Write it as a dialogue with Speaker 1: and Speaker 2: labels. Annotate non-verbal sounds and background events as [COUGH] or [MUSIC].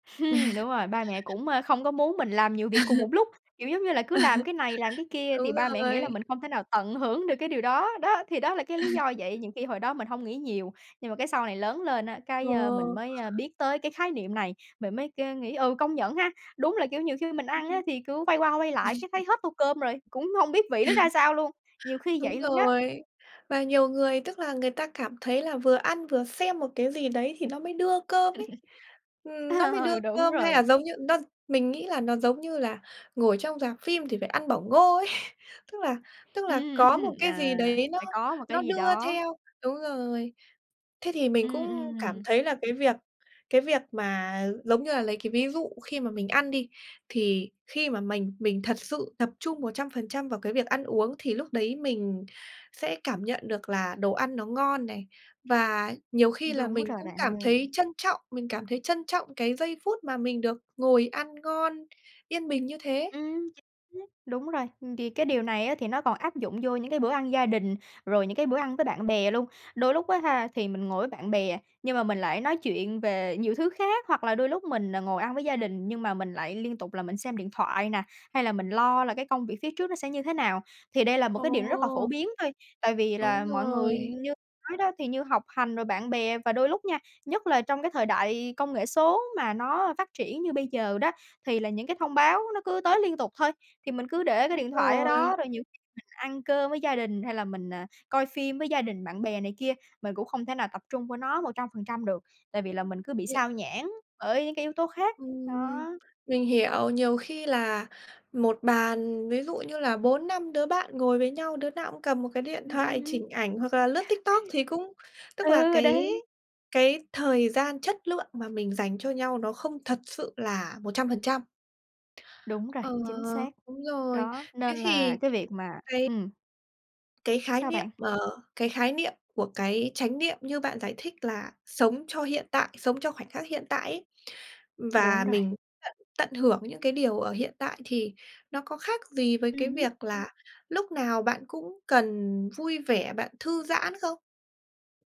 Speaker 1: [LAUGHS] Đúng rồi. Ba mẹ
Speaker 2: [LAUGHS]
Speaker 1: cũng, ờ, không có muốn mình làm nhiều việc cùng một
Speaker 2: [LAUGHS]
Speaker 1: lúc. Kiểu giống như là cứ làm cái này, làm cái
Speaker 2: [LAUGHS]
Speaker 1: kia
Speaker 2: Đúng
Speaker 1: thì ba mẹ nghĩ là
Speaker 2: rồi.
Speaker 1: mình không thể nào tận hưởng được cái điều đó. Đó, thì đó là cái lý do
Speaker 2: [CHUCKLES]
Speaker 1: vậy. Nhiều khi hồi đó mình hông nghĩ nhiều, nhưng mà cái sau này lớn lên á, cái, ờ, mình
Speaker 2: Ờ.
Speaker 1: mới, ờ, biết tới cái khái niệm này, mình mới cơ nghĩ, ừm, công nhận ha! Đúng là, kiểu, nhiều khi mình ăn á thì cứ
Speaker 2: [UNINTELLIGIBLE]
Speaker 1: quay qua, quay lại cái thấy
Speaker 2: [LAUGHS]
Speaker 1: hết tô cơm rồi, cũng hông biết vị nó ra
Speaker 2: [LAUGHS]
Speaker 1: sao luôn, nhiều khi vậy
Speaker 2: Đúng
Speaker 1: luôn đó.
Speaker 2: rồi. Và nhiều người, tức là, người ta cảm thấy là vừa ăn vừa xem một cái gì đấy thì nó mới đưa cơm ấy.
Speaker 1: [LAUGHS]
Speaker 2: Ừm, nó mới đưa
Speaker 1: Ờ, đúng
Speaker 2: cơm, hay là
Speaker 1: rồi.
Speaker 2: giống như nó mình nghĩ là nó giống như là ngồi trong rạp phim thì phải ăn bỏng ngô ấy. Tức là tức là
Speaker 1: Ừm.
Speaker 2: có một cái gì
Speaker 1: À,
Speaker 2: đấy nó
Speaker 1: phải có một
Speaker 2: nó
Speaker 1: cái gì
Speaker 2: đưa
Speaker 1: đó.
Speaker 2: theo đúng rồi. Thế thì mình
Speaker 1: Ừ,
Speaker 2: cũng cảm
Speaker 1: ừm.
Speaker 2: thấy là cái việc cái việc mà, giống như là, lấy cái ví dụ khi mà mình ăn đi, thì khi mà mình mình thật sự tập trung 100% vào cái việc ăn uống, thì lúc đấy mình sẽ cảm nhận được là đồ ăn nó ngon này. Và nhiều khi là
Speaker 1: Đúng
Speaker 2: mình
Speaker 1: rồi
Speaker 2: cũng
Speaker 1: bạn
Speaker 2: cảm
Speaker 1: ơi.
Speaker 2: thấy trân trọng mình cảm thấy trân trọng cái giây phút mà mình được ngồi ăn ngon, yên bình như thế.
Speaker 1: Ừm. Chính xác, đúng rồi. Thì cái điều này á thì nó còn áp dụng vô những cái bữa ăn gia đình, rồi những cái bữa ăn với bạn bè luôn. Đôi lúc á ha thì mình ngồi với bạn bè, nhưng mà mình lại nói chuyện về nhiều thứ khác. Hoặc là đôi lúc mình ngồi ăn với gia đình nhưng mà mình lại liên tục là mình xem điện thoại nè, hay là mình lo là cái công việc phía trước nó sẽ như thế nào. Thì đây là một cái điều rất là phổ
Speaker 2: Ồ!
Speaker 1: biến thôi. Tại vì
Speaker 2: Đúng
Speaker 1: là mọi người
Speaker 2: rồi.
Speaker 1: như nói đó, thì như học hành rồi bạn bè và đôi lúc nha, nhất là trong cái thời đại công nghệ số mà nó phát triển như bây giờ đó, thì là những cái thông báo nó cứ tới liên tục thôi. Thì mình cứ để cái
Speaker 2: Đúng
Speaker 1: điện thoại ở đó,
Speaker 2: rồi.
Speaker 1: rồi nhiều khi ăn cơm với gia đình hay là mình, à, coi phim với gia đình bạn bè này kia, mình cũng không thể nào tập trung vô nó 100% được. Tại vì là mình cứ bị
Speaker 2: Yeah.
Speaker 1: xao nhãng bởi những cái yếu tố khác.
Speaker 2: Ừm,
Speaker 1: Đó.
Speaker 2: mình hiểu. Nhiều khi là một bàn ví dụ như là 4-5 đứa bạn ngồi với nhau, đứa nào cũng cầm một cái điện
Speaker 1: Ừm,
Speaker 2: thoại
Speaker 1: ừm.
Speaker 2: chỉnh ảnh hoặc là lướt TikTok
Speaker 1: [LAUGHS]
Speaker 2: thì cũng tức là
Speaker 1: Ừ,
Speaker 2: cái
Speaker 1: đấy.
Speaker 2: cái thời gian chất lượng mà mình dành cho nhau nó không thật sự là 100%.
Speaker 1: Đúng rồi,
Speaker 2: Ờ,
Speaker 1: chính xác.
Speaker 2: đúng rồi.
Speaker 1: Đó,
Speaker 2: Thế
Speaker 1: nên là
Speaker 2: thì
Speaker 1: cái việc mà
Speaker 2: cái
Speaker 1: ừm.
Speaker 2: cái khái
Speaker 1: Sao
Speaker 2: niệm
Speaker 1: bạn?
Speaker 2: ờ, cái khái niệm của cái chánh niệm như bạn giải thích là sống cho hiện tại, sống cho khoảnh khắc hiện tại ấy.
Speaker 1: Đúng
Speaker 2: Và
Speaker 1: rồi.
Speaker 2: mình tận tận hưởng những cái điều ở hiện tại thì nó có khác gì với cái
Speaker 1: Ừm hứm.
Speaker 2: việc là lúc nào bạn cũng cần vui vẻ, bạn thư giãn không?